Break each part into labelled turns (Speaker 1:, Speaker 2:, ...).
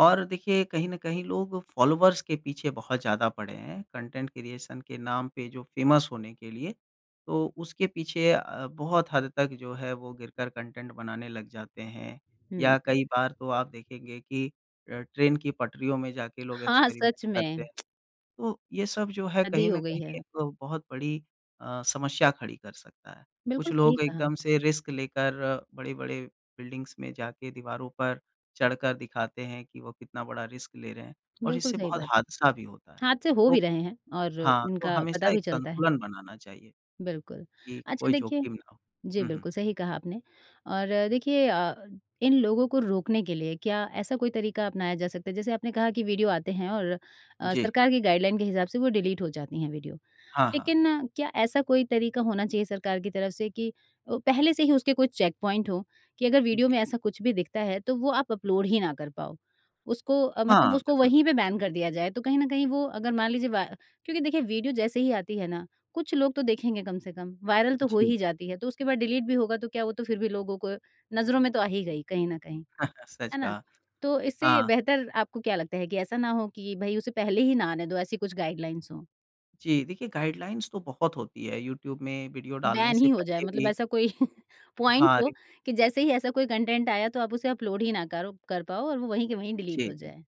Speaker 1: और देखिए कहीं न कहीं लोग फ़ॉलोअर्स के पीछे बहुत ज़्यादा पड़े हैं। कंटेंट क्रिएशन के नाम पे जो फेमस होने के लिए। तो उसके पीछे अ, बहुत हद तक जो है, वो गिरकर कंटेंट बनाने लग जाते हैं या
Speaker 2: हुँ, हुँ।
Speaker 1: कई बार तो आप देखेंगे कि अ, ट्रेन की पटरियों में जाके लोग
Speaker 2: हाँ, हाँ,
Speaker 1: एक्सपेरिमेंट
Speaker 2: सच
Speaker 1: करते
Speaker 2: में।
Speaker 1: हैं। तो ये सब जो है,
Speaker 2: हद ही
Speaker 1: कहीं न
Speaker 2: हो गई है।
Speaker 1: कहीं एक बहुत बड़ी अ, समस्या खड़ी कर सकता है। कुछ
Speaker 2: बिल्कुल सही
Speaker 1: लोग
Speaker 2: कहा।
Speaker 1: एकदम से रिस्क लेकर, बड़े-बड़े बिल्डिंग्स में जा के दीवारों पर चढ़ कर दिखाते हैं कि वो कितना बड़ा रिस्क ले रहे हैं और
Speaker 2: बिल्कुल
Speaker 1: इससे
Speaker 2: सही
Speaker 1: बहुत
Speaker 2: बात है।
Speaker 1: हादसा भी होता है
Speaker 2: हादसे हो भी
Speaker 1: तो
Speaker 2: रहे हैं और
Speaker 1: हाँ, तो
Speaker 2: इनका पता
Speaker 1: हमेशा
Speaker 2: भी
Speaker 1: एक
Speaker 2: चलता है।
Speaker 1: संतुलन बनाना चाहिए
Speaker 2: बिल्कुल,
Speaker 1: कि
Speaker 2: अच्छा
Speaker 1: कोई
Speaker 2: देखिए
Speaker 1: जोखिम ना हो,
Speaker 2: जी
Speaker 1: हुँ, हुँ।
Speaker 2: बिल्कुल सही कहा आपने और देखिए अ, इन लोगों को रोकने के लिए क्या ऐसा कोई तरीका अपनाया जा सकता है? जैसे आपने कहा की वीडियो आते हैं और अ,
Speaker 1: जी।
Speaker 2: सरकार की गाइडलाइन के हिसाब से वो डिलीट हो जाती हैं वीडियो।
Speaker 1: हाँ, हाँ।
Speaker 2: लेकिन क्या ऐसा कोई तरीका होना चाहिए सरकार की तरफ से कि अ, पहले से ही उसके कोई चेकपॉइंट हों कि अगर वीडियो
Speaker 1: जी।
Speaker 2: में ऐसा कुछ भी दिखता है, तो वो आप अपलोड ही ना कर पाओ। उसको अ, मतलब
Speaker 1: हाँ,
Speaker 2: उसको
Speaker 1: बिल्कुल।
Speaker 2: वहीं पे बैन कर दिया जाए तो कहीं न कहीं वो अगर मान लीजिए वा क्योंकि देखिए वीडियो जैसे ही आती है ना कुछ लोग तो देखेंगे कम से कम, वायरल तो हो
Speaker 1: जी।
Speaker 2: ही जाती है तो उसके बाद डिलीट भी होगा तो क्या वो तो फिर भी लोगों को नज़रों में तो आ ही गई कहीं न कहीं
Speaker 1: सच
Speaker 2: है ना,
Speaker 1: कहा।
Speaker 2: तो इससे
Speaker 1: हाँ।
Speaker 2: बेहतर आपको क्या लगता है कि ऐसा ना हो कि भई उसे पहले ही ना आने दो ऐसी कुछ गाइडलाइंस हों?
Speaker 1: जी, देखिए गाइडलाइंस तो बहुत होती हैं। यूट्यूब में वीडियो डालने
Speaker 2: बैन
Speaker 1: से
Speaker 2: ही हो जाए।
Speaker 1: पहले
Speaker 2: मतलब
Speaker 1: भी।
Speaker 2: ऐसा कोई पॉइंट
Speaker 1: हाँ,
Speaker 2: हो
Speaker 1: रि
Speaker 2: कि जैसे ही ऐसा कोई कंटेंट आया तो आप उसे अपलोड ही ना करो कर पाओ और वो वहीं के वहीं डिलीट
Speaker 1: जी,
Speaker 2: हो
Speaker 1: जी।
Speaker 2: जाए।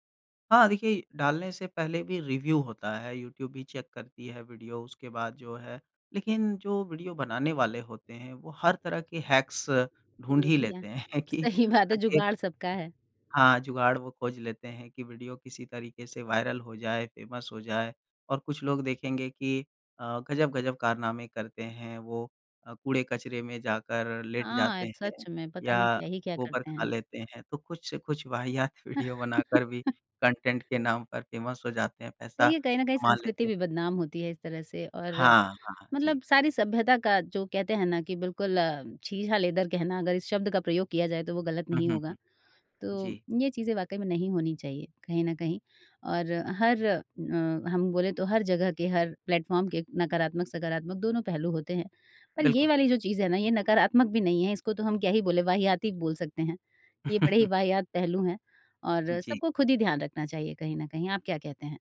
Speaker 1: हाँ, देखिए डालने से पहले भी रिव्यू होता है। यूट्यूब भी चेक करती है वीडियो उसके बाद जो है। लेकिन जो वीडियो बनाने वाले होते हैं, वो हर तरह के हैक्स
Speaker 2: अ,
Speaker 1: ढूँढ
Speaker 2: ये
Speaker 1: ही
Speaker 2: भी है।
Speaker 1: लेते हैं कि
Speaker 2: सही बात है
Speaker 1: आगे
Speaker 2: जुगाड़ सबका है।
Speaker 1: हाँ, जुगाड़ वो खोज लेते हैं कि वीडियो किसी तरीके से वायरल हो जाए, फेमस हो जाए और कुछ लोग देखेंगे कि अ, गजब-गजब कारनामे करते हैं। वो अ, कूड़े कचरे में जाकर लेट जाते
Speaker 2: हाँ,
Speaker 1: हैं
Speaker 2: सच में पता नहीं
Speaker 1: या
Speaker 2: क्या ही क्या
Speaker 1: गोबर
Speaker 2: करते
Speaker 1: खा
Speaker 2: हैं।
Speaker 1: लेते हैं। तो कुछ-कुछ वाहियात वीडियो बनाकर भी कंटेंट के नाम पर फेमस हो जाते हैं,
Speaker 2: तो
Speaker 1: पैसा
Speaker 2: ये कहीं न कहीं
Speaker 1: कमा
Speaker 2: संस्कृति
Speaker 1: लेते हैं।
Speaker 2: भी बदनाम होती है इस तरह से और
Speaker 1: हाँ, हाँ, जी।
Speaker 2: मतलब सारी सभ्यता का जो कहते हैं ना कि बिल्कुल अ, छीछालेदर कहना अगर इस शब्द का प्रयोग किया जाए, तो वो गलत
Speaker 1: हुँ,
Speaker 2: नहीं
Speaker 1: हुँ,
Speaker 2: होगा।
Speaker 1: हुँ,
Speaker 2: तो
Speaker 1: जी।
Speaker 2: ये चीज़ें वाक़ई में नहीं होनी चाहिए कहीं न कहीं और हर अ, हम बोलें तो हर जगह के हर प्लेटफॉर्म के नकारात्मक, सकारात्मक दोनों पहलू होते हैं। पर ये
Speaker 1: बिल्कुल।
Speaker 2: वाली जो चीज़ है ना ये नकारात्मक भी नहीं है, इसको तो हम क्या ही बोले वाहियात बोल सकते हैं। ये बड़े ही वाहियात पहलू हैं और
Speaker 1: जी।
Speaker 2: सबको खुद ही ध्यान रखना चाहिए कहीं न कहीं आप क्या कहते हैं?